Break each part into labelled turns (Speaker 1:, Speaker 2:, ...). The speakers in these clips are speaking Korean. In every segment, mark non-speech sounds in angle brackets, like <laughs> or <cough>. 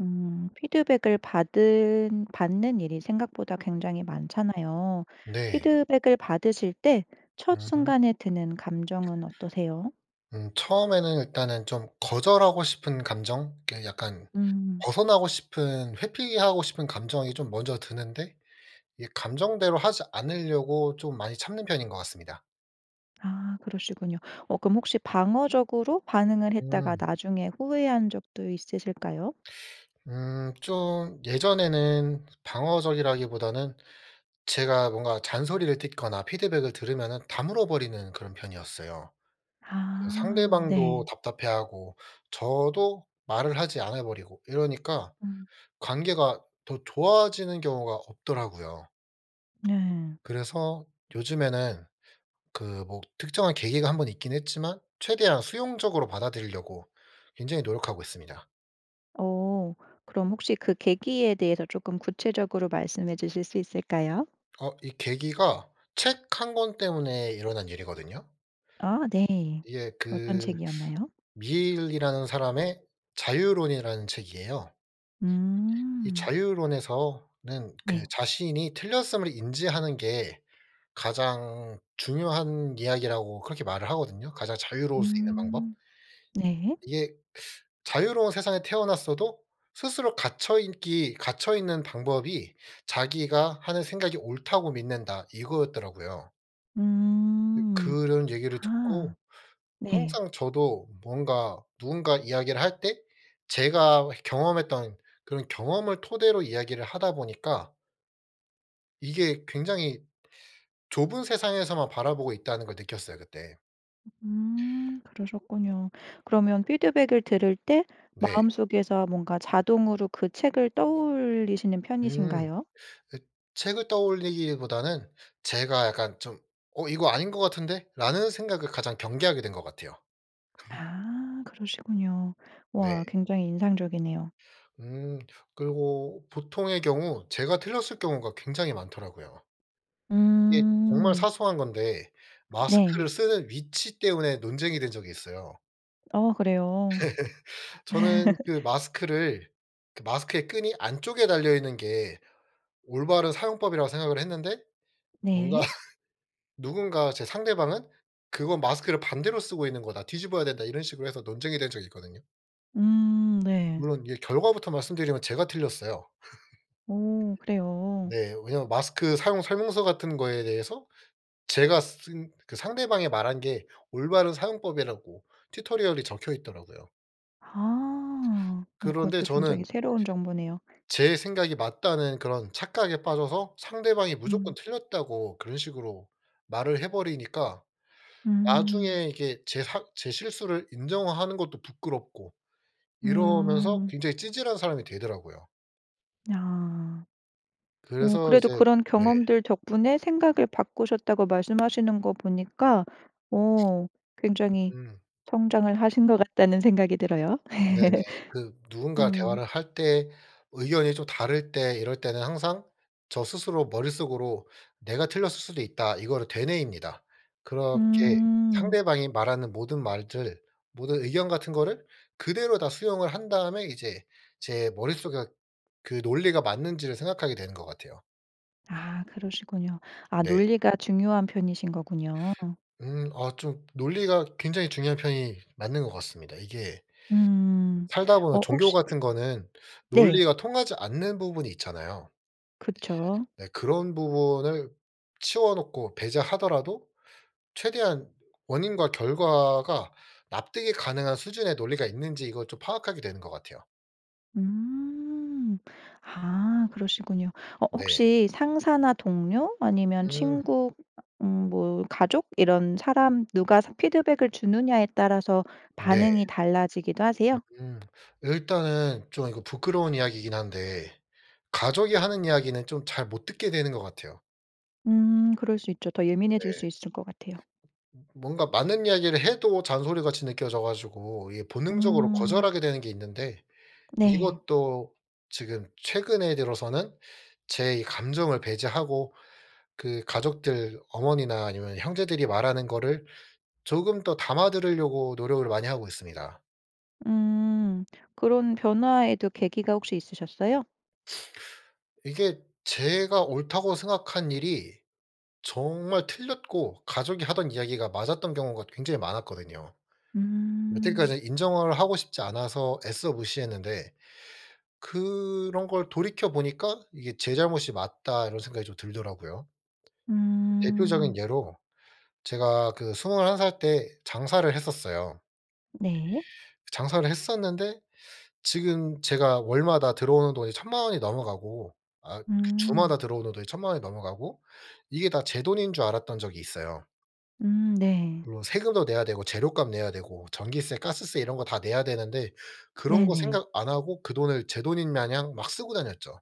Speaker 1: 음. 피드백을 받은 받는 일이 생각보다 굉장히 많잖아요.
Speaker 2: 네.
Speaker 1: 피드백을 받으실 때 첫
Speaker 2: 음.
Speaker 1: 순간에 드는 감정은 어떠세요?
Speaker 2: 음 처음에는 일단은 좀 거절하고 싶은 감정, 이렇게 약간
Speaker 1: 음.
Speaker 2: 벗어나고 싶은 회피하고 싶은 감정이 좀 먼저 드는데 이 감정대로 하지 않으려고 좀 많이 참는 편인 것 같습니다.
Speaker 1: 아. 그러시군요. 어 그럼 혹시 방어적으로 반응을 했다가
Speaker 2: 음.
Speaker 1: 나중에 후회한 적도 있으실까요?
Speaker 2: <sucks teeth> 음. 좀 예전에는 방어적이라기보다는 제가 뭔가 잔소리를 듣거나 피드백을 들으면 다물어 버리는 그런 편이었어요. 그냥
Speaker 1: 아.
Speaker 2: 상대방도
Speaker 1: 네.
Speaker 2: 답답해하고 저도 말을 하지 않아 버리고 이러니까
Speaker 1: 음.
Speaker 2: 관계가 더 좋아지는 경우가 없더라고요.
Speaker 1: 네.
Speaker 2: 그래서 요즘에는 그 뭐 특정한 계기가 한 번 있긴 했지만 최대한 수용적으로 받아들이려고 굉장히 노력하고 있습니다.
Speaker 1: 어. 그럼 혹시 그 계기에 대해서 조금 구체적으로 말씀해 주실 수 있을까요?
Speaker 2: 아 이 계기가 책 1 권 때문에 일어난 일이거든요.
Speaker 1: 아 네.
Speaker 2: 이게
Speaker 1: 어떤
Speaker 2: 그
Speaker 1: 책이었나요?
Speaker 2: 밀이라는 사람의 자유론이라는 책이에요. 이
Speaker 1: 음.
Speaker 2: 자유론에서는 그
Speaker 1: 네.
Speaker 2: 자신이 틀렸음을 인지하는 게 가장 중요한 이야기라고 그렇게 말을 하거든요. 가장 자유로울 수 있는 방법.
Speaker 1: 음. 네.
Speaker 2: 이게 <sucks teeth> 자유로운 세상에 태어났어도 스스로 갇혀 인기 갇혀 있는 방법이 '자기가 하는 생각이 옳다고 믿는다.' 이거였더라고요. 으
Speaker 1: 음.
Speaker 2: 그런 얘기를
Speaker 1: 아.
Speaker 2: 듣고
Speaker 1: 네.
Speaker 2: 항상 저도 뭔가 누군가 이야기를 할 때 제가 해 경험했던 그런 경험을 토대로 이야기를 하다 보니까 이게 굉장히 좁은 세상에서만 바라보고 있다는 걸 느꼈어요 그때.
Speaker 1: 음 그러셨군요. 그러면 피드백을 들을 때
Speaker 2: 네.
Speaker 1: 마음속에서 뭔가 자동으로 그 책을 떠올리시는
Speaker 2: 음.
Speaker 1: 편이신가요?
Speaker 2: 읏 책을 떠올리기보다는 제가 약간 좀 '어 이거 아닌 것 같은데?'라는 생각을 가장 경계하게 된 것 같아요. <laughs>
Speaker 1: 아. 그러시군요.
Speaker 2: 네.
Speaker 1: 와. 굉장히 인상적이네요.
Speaker 2: 음. 그리고 보통의 경우 제가 틀렸을 경우가 굉장히 많더라고요. 이게 정말
Speaker 1: 음.
Speaker 2: 사소한 건데 마스크를
Speaker 1: 네.
Speaker 2: 쓰는 위치 때문에 논쟁이 된 적이 있어요.
Speaker 1: 아 그래요?
Speaker 2: <laughs> 저는 그
Speaker 1: <laughs>
Speaker 2: 마스크를 그 마스크의 끈이 안쪽에 달려있는 게 올바른 사용법이라고 생각을 했는데 뭔가
Speaker 1: 네.
Speaker 2: <laughs> 누군가 제 상대방은 "그건 마스크를 반대로 쓰고 있는 거다. 뒤집어야 된다." 이런 식으로 해서 논쟁이 된 적이 있거든요.
Speaker 1: 음. 네.
Speaker 2: 물론 이게 결과부터 말씀드리면 제가 틀렸어요.
Speaker 1: 오.
Speaker 2: <laughs>
Speaker 1: 그래요?
Speaker 2: 네. 왜냐하면 마스크 사용 설명서 같은 거에 대해서 제가 쓴 상대방이 말한 게 올바른 사용법이라고 튜토리얼이 적혀 있더라고요.
Speaker 1: 아. 어
Speaker 2: 그런데
Speaker 1: 그것도 굉장히
Speaker 2: 저는
Speaker 1: 새로운 정보네요.
Speaker 2: 제 생각이 맞다는 그런 착각에 빠져서 상대방이 무조건
Speaker 1: 음.
Speaker 2: 틀렸다고 그런 식으로 말을 해버리니까
Speaker 1: 음.
Speaker 2: 나중에 이게 제 사 제 실수를 인정하는 것도 부끄럽고 이러면서
Speaker 1: 음.
Speaker 2: 굉장히 찌질한 사람이 되더라고요.
Speaker 1: 아. 어.
Speaker 2: 그래서
Speaker 1: 그래도
Speaker 2: 이제
Speaker 1: 그런
Speaker 2: 네.
Speaker 1: 경험들 덕분에 생각을 바꾸셨다고 말씀하시는 것 보니까 어 굉장히
Speaker 2: 음.
Speaker 1: 성장을 하신 것 같다는 생각이 들어요.
Speaker 2: 네네. 그
Speaker 1: <laughs>
Speaker 2: 누군가
Speaker 1: 음.
Speaker 2: 대화를 할 때 의견이 좀 다를 때 이럴 때는 항상 저 스스로 머릿속으로 '내가 틀렸을 수도 있다' 이거를 되뇌입니다. 그렇게
Speaker 1: 음.
Speaker 2: 상대방이 말하는 모든 말들, 모든 의견 같은 거를 그대로 다 수용을 한 다음에 이제 제 머릿속에 그 논리가 맞는지를 생각하게 되는 것 같아요.
Speaker 1: 아. 그러시군요. 아
Speaker 2: 네.
Speaker 1: 논리가 중요한 편이신 거군요.
Speaker 2: 음. 어 좀 논리가 굉장히 중요한 편이 맞는 것 같습니다. 이게
Speaker 1: 음.
Speaker 2: 살다 보면
Speaker 1: 어
Speaker 2: 종교
Speaker 1: 혹시
Speaker 2: 같은 거는
Speaker 1: 네.
Speaker 2: 논리가 통하지 않는 부분이 있잖아요.
Speaker 1: 그쵸.
Speaker 2: 네. 그런 부분을 치워놓고 배제하더라도 최대한 원인과 결과가 납득이 가능한 수준의 논리가 있는지 이걸 좀 파악하게 되는 것 같아요.
Speaker 1: 음. 아. 그러시군요. 어
Speaker 2: 네.
Speaker 1: 혹시 상사나 동료 아니면
Speaker 2: 음.
Speaker 1: 친구, 음 아 음 뭐 가족 이런 사람 누가 삼 피드백을 주느냐에 따라서
Speaker 2: 네.
Speaker 1: 반응이 달라지기도 하세요?
Speaker 2: 음. 일단은 좀 이거 부끄러운 이야기이긴 한데 가족이 하는 이야기는 좀 잘 못 듣게 되는 것 같아요.
Speaker 1: 음 그럴 수 있죠. 더
Speaker 2: 네.
Speaker 1: 예민해질 수 있을 것 같아요.
Speaker 2: 뭔가 맞는 이야기를 해도 잔소리 같이 느껴져 가지고 이게 본능적으로
Speaker 1: 음.
Speaker 2: 거절하게 되는 게 있는데
Speaker 1: 네.
Speaker 2: 이것도 지금 최근에 들어서는 제 이 감정을 배제하고 그 가족들 어머니나 아니면 형제들이 말하는 거를 조금 더 담아 들으려고 노력을 많이 하고 있습니다.
Speaker 1: 음. 그런 변화에도 계기가 혹시 있으셨어요?
Speaker 2: 이게 제가 옳다고 생각한 일이 정말 틀렸고 가족이 하던 이야기가 맞았던 경우가 굉장히 많았거든요.
Speaker 1: 음.
Speaker 2: 여태까지 인정을 하고 싶지 않아서 애써 무시했는데 그런 걸 돌이켜 보니까 이게 '제 잘못이 맞다.' 이런 생각이 좀 들더라고요. 대표적인
Speaker 1: 음.
Speaker 2: 예로 제가 그 21 살 때 장사를 했었어요.
Speaker 1: 네.
Speaker 2: 장사를 했었는데 지금 제가 월마다 들어오는 돈이 10,000,000 원 이 넘어가고 아 그
Speaker 1: 음.
Speaker 2: 주마다 들어오는 돈이 10,000,000 원이 넘어가고 이게 다 제 돈인 줄 알았던 적이 있어요.
Speaker 1: 음 네.
Speaker 2: 물론 세금도 내야 되고 재료값 내야 되고 전기세, 가스세 이런 거 다 내야 되는데 그런 거
Speaker 1: 네네.
Speaker 2: 생각 안 하고 그 돈을 제 돈인 마냥 막 쓰고 다녔죠.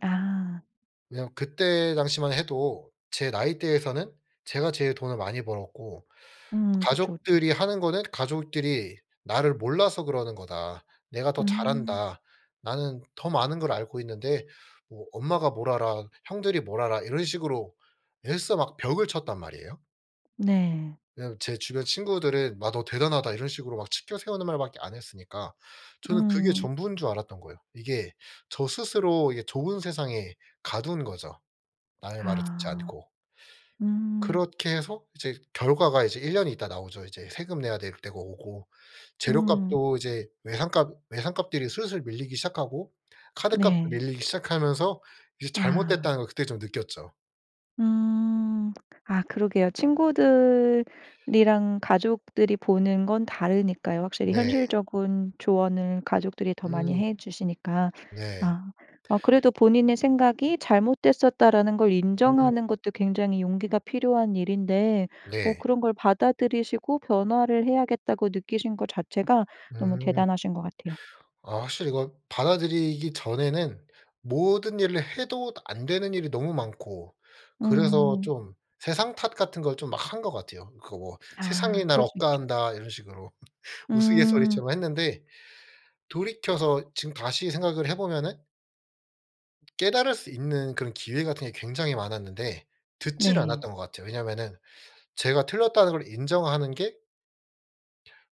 Speaker 1: 아.
Speaker 2: 그냥 그때 당시만 해도 제 나이대에서는 제가 제일 돈을 많이 벌었고
Speaker 1: 음. 그쵸, 그쵸.
Speaker 2: 가족들이 하는 거는 "가족들이 나를 몰라서 그러는 거다. 내가 더 잘
Speaker 1: 음.
Speaker 2: 안다. 나는 더 많은 걸 알고 있는데 어 엄마가 뭘 알아. 형들이 뭘 알아." 이런 식으로 애써 막 벽을 쳤단 말이에요.
Speaker 1: 네.
Speaker 2: 왜냐하면 제 주변 친구들은 "마 너 대단하다." 이런 식으로 막 치켜세우는 말밖에 안 했으니까 저는 그게
Speaker 1: 응.
Speaker 2: 전부인 줄 알았던 거예요. 이게 저 스스로 이게 좋은 세상에 가둔 거죠. 남의 말을 듣지
Speaker 1: 아.
Speaker 2: 않고.
Speaker 1: 음.
Speaker 2: 그렇게 해서 이제 결과가 이제 1 년 있다가 나오죠 이제. 세금 내야 될 때가 오고
Speaker 1: 음.
Speaker 2: 재료값도 이제 외상값 외상값들이 슬슬 밀리기 시작하고 카드값도
Speaker 1: 네.
Speaker 2: 밀리기 시작하면서 이제
Speaker 1: 아.
Speaker 2: 잘못됐다는 걸 그때 좀 느꼈죠.
Speaker 1: 음. 아 그러게요. 친구들이랑 가족들이 보는 건 다르니까요. 확실히
Speaker 2: 네.
Speaker 1: 현실적인 조언은 가족들이 더 많이
Speaker 2: 음.
Speaker 1: 해 주시니까.
Speaker 2: 네.
Speaker 1: 아. 아 그래도 본인의 생각이 '잘못됐었다.'라는 걸
Speaker 2: 음.
Speaker 1: 인정하는 것도 굉장히 용기가 필요한 일인데 어
Speaker 2: 네.
Speaker 1: 그런 걸 받아들이시고 변화를 해야겠다고 느끼신 것 자체가 너무
Speaker 2: 음.
Speaker 1: 대단하신 것 같아요.
Speaker 2: 아 확실히 이걸 받아들이기 전에는 모든 일을 해도 다 안 되는 일이 너무 많고 그래서
Speaker 1: 음.
Speaker 2: 좀 세상 탓 같은 걸 좀 막 한 것 같아요. 그 뭐
Speaker 1: 아.
Speaker 2: '세상이 날
Speaker 1: 그럴 수
Speaker 2: 억까
Speaker 1: 있죠.
Speaker 2: 한다.' 이런 식으로 <laughs>
Speaker 1: 음.
Speaker 2: 우스갯소리처럼 했는데 돌이켜서 지금 다시 생각을 해 보면은 깨달을 수 있는 그런 기회 같은 게 굉장히 많았는데 듣지를
Speaker 1: 네.
Speaker 2: 않았던 것 같아요. 왜냐하면은 제가 틀렸다는 걸 인정하는 게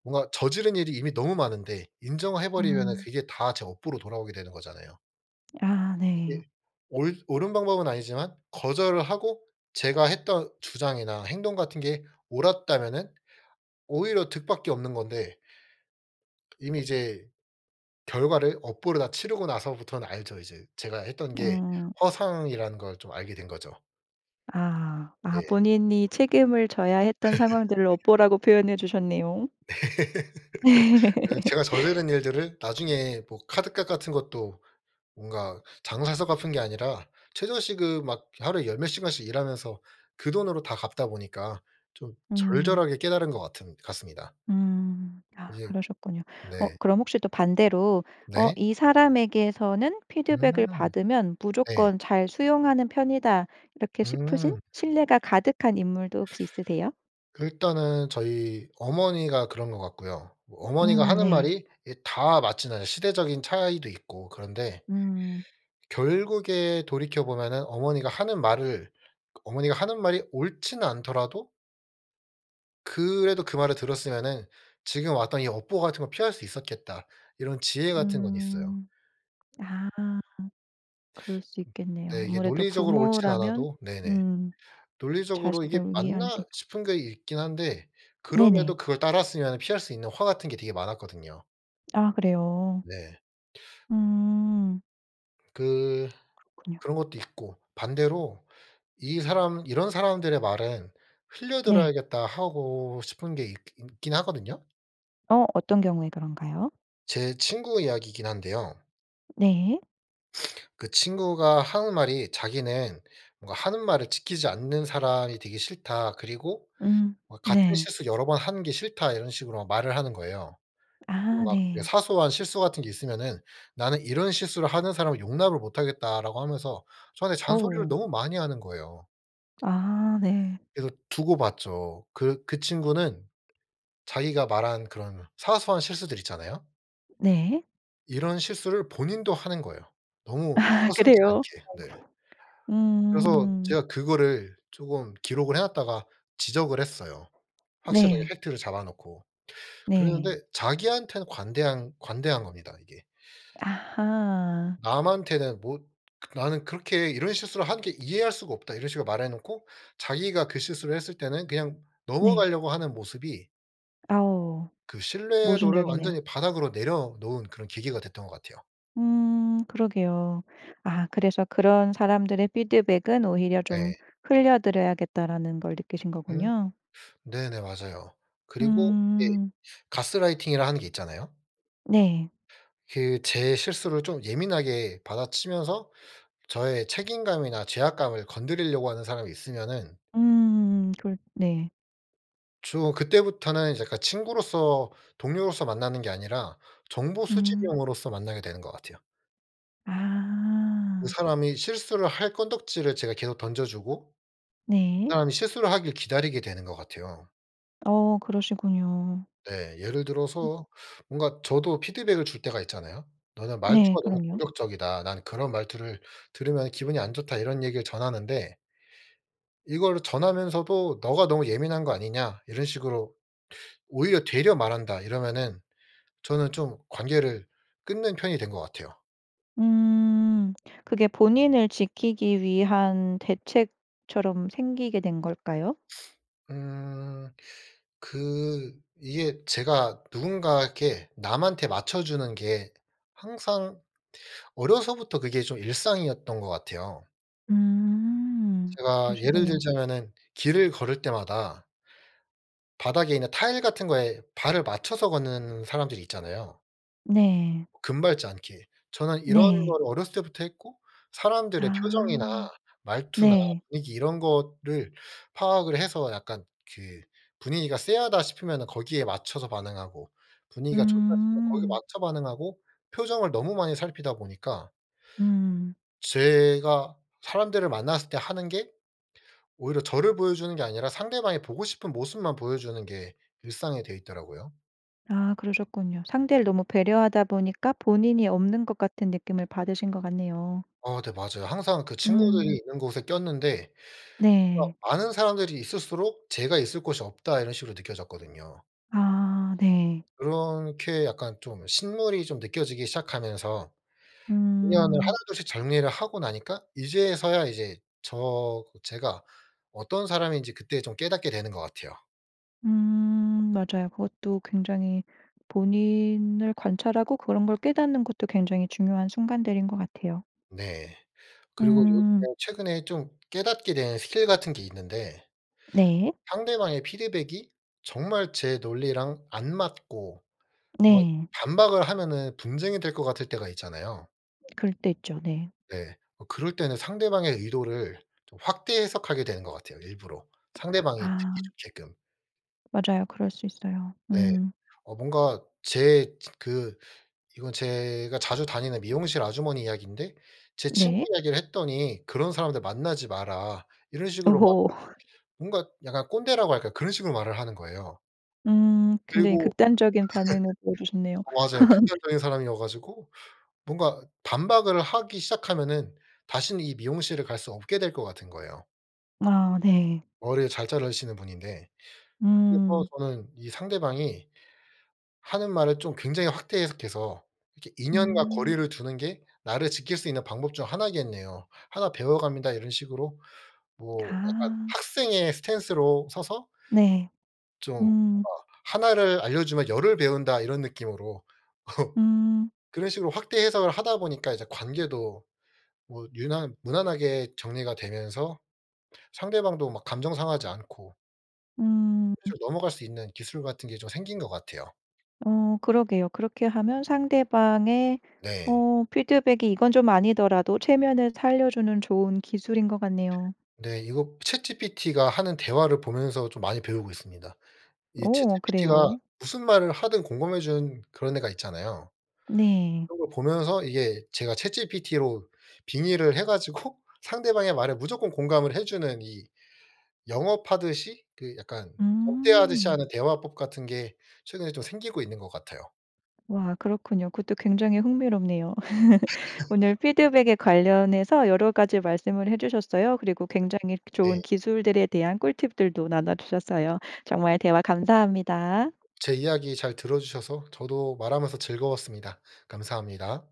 Speaker 2: 뭔가 저지른 일이 이미 너무 많은데 인정을 해버리면은
Speaker 1: 음.
Speaker 2: 그게 다 제 업보로 돌아오게 되는 거잖아요.
Speaker 1: 아 네.
Speaker 2: 이게 옳 옳은 방법은 아니지만 거절을 하고 제가 했던 주장이나 행동 같은 게 옳았다면은 오히려 득밖에 없는 건데 이미 이제 결과를 업보로 다 치르고 나서부터는 알죠 이제. 제가 했던 게
Speaker 1: 음.
Speaker 2: 허상이라는 걸 좀 알게 된 거죠.
Speaker 1: 아. 아
Speaker 2: 네.
Speaker 1: 본인이 책임을 져야 했던 상황들을
Speaker 2: <laughs>
Speaker 1: 업보라고 표현해 주셨네요.
Speaker 2: <laughs> 이게 제가 저지른
Speaker 1: <laughs>
Speaker 2: 일들을 나중에 뭐 카드값 같은 것도 뭔가 장사해서 갚은 게 아니라 최저 시급 막 하루에 열 몇 시간씩 일하면서 그 돈으로 다 갚다 보니까 좀
Speaker 1: 음.
Speaker 2: 절절하게 깨달은 것 같은 같습니다.
Speaker 1: 음. 아
Speaker 2: 이제
Speaker 1: 그러셨군요. 어
Speaker 2: 네.
Speaker 1: 그럼 혹시 또 반대로 어
Speaker 2: 네.
Speaker 1: '이 사람에게서는
Speaker 2: 음.
Speaker 1: 피드백을 받으면
Speaker 2: 네.
Speaker 1: 무조건 잘 수용하는 편이다.' 이렇게 싶으신
Speaker 2: 음.
Speaker 1: 신뢰가 가득한 인물도 혹시 있으세요?
Speaker 2: 일단은 저희 어머니가 그런 것 같고요. 뭐 어머니가
Speaker 1: 음
Speaker 2: 하는
Speaker 1: 네.
Speaker 2: 말이 이 다 맞지는 시대적인 차이도 있고 그런데
Speaker 1: 음.
Speaker 2: 결국에 돌이켜 보면은 어머니가 하는 말을 그 어머니가 하는 말이 옳지는 않더라도 그래도 그 말을 들었으면은 '지금 왔던 이 업보 같은 거 피할 수 있었겠다.' 이런 지혜 같은 건 있어요.
Speaker 1: 음. 아. 그럴 수
Speaker 2: <sucks teeth> 음.
Speaker 1: 있겠네요.
Speaker 2: 네. 이게
Speaker 1: 아무래도
Speaker 2: 논리적으로 옳지는
Speaker 1: 부모라면
Speaker 2: 않아도 네네.
Speaker 1: 음.
Speaker 2: '논리적으로 이게
Speaker 1: 자식을 위한데
Speaker 2: 맞나?' 싶은 게 있긴 한데
Speaker 1: 네네.
Speaker 2: 그럼에도 그걸 따랐으면은 피할 수 있는 화 같은 게 되게 많았거든요.
Speaker 1: 아 그래요?
Speaker 2: 네.
Speaker 1: 음.
Speaker 2: 그
Speaker 1: 그렇군요.
Speaker 2: 그런 것도 있고. 반대로 '이 사람 이런 사람들의 말은
Speaker 1: 네.
Speaker 2: 흘려들어야겠다.' 하고 싶은 게 있기 있긴 하거든요.
Speaker 1: 어. 어떤 경우에 그런가요?
Speaker 2: 제 친구 이야기이긴 한데요.
Speaker 1: 네.
Speaker 2: <sniffs> 그 친구가 하는 말이 자기는 뭔가 "하는 말을 지키지 않는 사람이 되기 싫다. 그리고
Speaker 1: 음.
Speaker 2: 뭐 같은
Speaker 1: 네.
Speaker 2: 실수를 여러 번 하는 게 싫다." 이런 식으로 말을 하는 거예요. 또
Speaker 1: 아
Speaker 2: 막 그
Speaker 1: 네.
Speaker 2: 사소한 실수 같은 게 있으면은 "나는 이런 실수를 하는 사람을 용납을 못하겠다."라고 하면서 저한테 잔소리를
Speaker 1: 어우.
Speaker 2: 너무 많이 하는 거예요.
Speaker 1: 아 네.
Speaker 2: 그래서 두고 봤죠. 그 그 친구는 자기가 말한 그런 사소한 실수들 있잖아요.
Speaker 1: 네.
Speaker 2: 이런 실수를 본인도 하는 거예요. 너무
Speaker 1: <laughs>
Speaker 2: 서슴지
Speaker 1: 그래요?
Speaker 2: 않게. 네.
Speaker 1: 아이고.
Speaker 2: 그래서
Speaker 1: 음.
Speaker 2: 제가 그거를 쪼금 기록을 해 놓았다가 지적을 했어요. 확실하게
Speaker 1: 네.
Speaker 2: 팩트를 잡아 놓고.
Speaker 1: 네.
Speaker 2: 그랬는데 자기한테는 관대한 관대한 겁니다 이게.
Speaker 1: 아하.
Speaker 2: 남한테는 뭐 "그 나는 그렇게 이런 실수를 하는 게 이해할 수가 없다." 이런 식으로 말해 놓고 자기가 그 실수를 했을 때는 그냥
Speaker 1: 네.
Speaker 2: 넘어가려고 하는 모습이
Speaker 1: 아우.
Speaker 2: 그 신뢰도를
Speaker 1: 모순적이네요.
Speaker 2: 완전히 바닥으로 내려놓은 그런 계기가 됐던 것 같아요.
Speaker 1: 음. 그러게요. 아 그래서 그런 사람들의 피드백은 오히려 좀
Speaker 2: 네.
Speaker 1: 흘려들어야겠다라는 걸 느끼신
Speaker 2: 음.
Speaker 1: 거군요.
Speaker 2: 네네. 맞아요. 그리고 예
Speaker 1: 음.
Speaker 2: 가스라이팅이라 하는 게 있잖아요.
Speaker 1: 네.
Speaker 2: 그 제 실수를 좀 예민하게 받아치면서 저의 책임감이나 죄악감을 건드리려고 하는 사람이 있으면은
Speaker 1: 음. 그럴 네.
Speaker 2: 주로 그때부터는 이제 그러니까 친구로서 동료로서 만나는 게 아니라 정보 수집
Speaker 1: 음.
Speaker 2: 용으로서 만나게 되는 것 같아요. 그
Speaker 1: 아.
Speaker 2: 사람이 실수를 할 건덕지를 제가 계속 던져주고 그
Speaker 1: 네.
Speaker 2: 사람이 실수를 하길 기다리게 되는 것 같아요.
Speaker 1: 어. 그러시군요.
Speaker 2: 네. 예를
Speaker 1: 음.
Speaker 2: 들어서 뭔가 저도 피드백을 줄 때가 있잖아요. "너는
Speaker 1: 네.
Speaker 2: 말투가 너무
Speaker 1: 그럼요.
Speaker 2: 공격적이다. 나는 그런 말투를 들으면 기분이 안 좋다." 이런 얘기를 전하는데 이걸 전하면서도 "너가 너무 예민한 거 아니냐?" 이런 식으로 오히려 되려 말한다 이러면은 저는 좀 관계를 끊는 편이 된 것 같아요.
Speaker 1: 음. 그게 본인을 지키기 위한 대책처럼 생기게 된 걸까요?
Speaker 2: <sniffs> 음. 그 이게 제가 누군가 이렇게 남한테 맞춰주는게 항상 어려서부터 그게 좀 일상이었던 것 같아요.
Speaker 1: 음.
Speaker 2: 제가 예를
Speaker 1: 그러시군요.
Speaker 2: 들자면은 길을 걸을 때마다 바닥에 있는 타일 같은 거에 발을 맞춰서 걷는 사람들이 있잖아요.
Speaker 1: 네.
Speaker 2: 금 밟지 않게. 저는 이런
Speaker 1: 네.
Speaker 2: 거를 어렸을 때부터 했고 사람들의 표정이나
Speaker 1: 아.
Speaker 2: 말투나
Speaker 1: 네.
Speaker 2: 분위기 이런 거를 파악을 해서 약간 그 분위기가 쎄하다 싶으면은 거기에 맞춰서 반응하고 분위기가 좋다 싶으면 거기에
Speaker 1: 음.
Speaker 2: 맞춰 반응하고 표정을 너무 많이 살피다 보니까
Speaker 1: 음.
Speaker 2: 제가 사람들을 만났을 때 하는 게 오히려 저를 보여 주는 게 아니라 상대방이 보고 싶은 모습만 보여 주는 게 일상이 돼 있더라고요.
Speaker 1: 아 그러셨군요. 상대를 너무 배려하다 보니까 본인이 없는 것 같은 느낌을 받으신 것 같네요.
Speaker 2: 어 네. 맞아요. 항상 그 친구들이
Speaker 1: 음.
Speaker 2: 있는 곳에 꼈는데
Speaker 1: 네.
Speaker 2: '아 아는 사람들이 있을수록 제가 있을 곳이 없다.' 이런 식으로 느껴졌거든요.
Speaker 1: 아. 네.
Speaker 2: 그렇게 약간 좀 신물이 좀 느껴지기 시작하면서 인연을
Speaker 1: 음.
Speaker 2: 하나둘씩 정리를 하고 나니까 이제서야 이제 저 제가 어떤 사람인지 그때 좀 깨닫게 되는 것 같아요.
Speaker 1: 음. 맞아요. 그것도 굉장히 본인을 관찰하고 그런 걸 깨닫는 것도 굉장히 중요한 순간들인 것 같아요.
Speaker 2: 네. 그리고
Speaker 1: 음.
Speaker 2: 요즘에 최근에 좀 깨닫게 된 스킬 같은 게 있는데
Speaker 1: 네.
Speaker 2: 상대방의 피드백이 정말 제 논리랑 안 맞고 어
Speaker 1: 네.
Speaker 2: 반박을 하면은 분쟁이 될 것 같을 때가 있잖아요.
Speaker 1: 그럴 때 있죠. 네.
Speaker 2: 네. 어 그럴 때는 상대방의 의도를 좀 확대 해석하게 되는 것 같아요, 일부러. 상대방이
Speaker 1: 아.
Speaker 2: 듣기 좋게끔.
Speaker 1: 맞아요. 그럴 수 있어요.
Speaker 2: 네.
Speaker 1: 음.
Speaker 2: 어 뭔가 제 진 그 이건 제가 자주 다니는 미용실 아주머니 이야기인데 제 친구
Speaker 1: 네.
Speaker 2: 이야기를 했더니 "그런 사람들 만나지 마라." 이런 식으로 막
Speaker 1: 오호. <laughs>
Speaker 2: 뭔가 약간 꼰대라고 할까? 그런 식으로 말을 하는 거예요.
Speaker 1: 음. 굉장히
Speaker 2: 그리고
Speaker 1: 극단적인 반응을 보여주셨네요.
Speaker 2: <laughs> 어 맞아요.
Speaker 1: <laughs>
Speaker 2: 극단적인 사람이어 가지고 뭔가 반박을 하기 시작하면은 다신 이 미용실을 갈 수 없게 될 것 같은 거예요.
Speaker 1: 아 네.
Speaker 2: 머릴 잘 자르시는 분인데. 그리고
Speaker 1: 음.
Speaker 2: 저는 이 상대방이 하는 말을 좀 굉장히 확대 해석해서 이렇게 '인연과
Speaker 1: 음.
Speaker 2: 거리를 두는 게 나를 지킬 수 있는 방법 중 하나겠네요. 하나 배워갑니다.' 이런 식으로 뭐 약간
Speaker 1: 아.
Speaker 2: 학생의 스탠스로 서서
Speaker 1: 네.
Speaker 2: 좀 뭔가
Speaker 1: 음.
Speaker 2: '1 를 알려주면 10 을 배운다.' 이런 느낌으로
Speaker 1: 음.
Speaker 2: <laughs> 그런 식으로 확대 해석을 하다 보니까 이제 관계도 뭐 유난 무난하게 정리가 되면서 상대방도 막 감정 상하지 않고
Speaker 1: 으음.
Speaker 2: 대충 넘어갈 수 있는 기술 같은 게 좀 생긴 것 같아요.
Speaker 1: 어 그러게요. 그렇게 하면 상대방의
Speaker 2: 네.
Speaker 1: 어 피드백이 이건 좀 아니더라도 체면을 살려주는 좋은 기술인 것 같네요.
Speaker 2: 네. 이거 ChatGPT가 하는 대화를 보면서 좀 많이 배우고 있습니다. 이
Speaker 1: 오
Speaker 2: ChatGPT가
Speaker 1: 그래요?
Speaker 2: 무슨 말을 하든 공감해 주는 그런 애가 있잖아요.
Speaker 1: 네.
Speaker 2: 그런 걸 보면서 이게 제가 ChatGPT로 빙의를 해 가지고 상대방의 말에 무조건 공감을 해 주는 이 영업하듯이 그 약간 접대하듯이
Speaker 1: 음.
Speaker 2: 하는 대화법 같은 게 최근에 좀 생기고 있는 것 같아요.
Speaker 1: 와 그렇군요. 그것도 굉장히 흥미롭네요. <laughs> 오늘
Speaker 2: <laughs>
Speaker 1: 피드백에 관련해서 여러 가지 말씀을 해 주셨어요. 그리고 굉장히
Speaker 2: 네.
Speaker 1: 좋은 기술들에 대한 꿀팁들도 나눠주셨어요. 정말 대화 감사합니다.
Speaker 2: 제 이야기 잘 들어주셔서 저도 말하면서 즐거웠습니다. 감사합니다.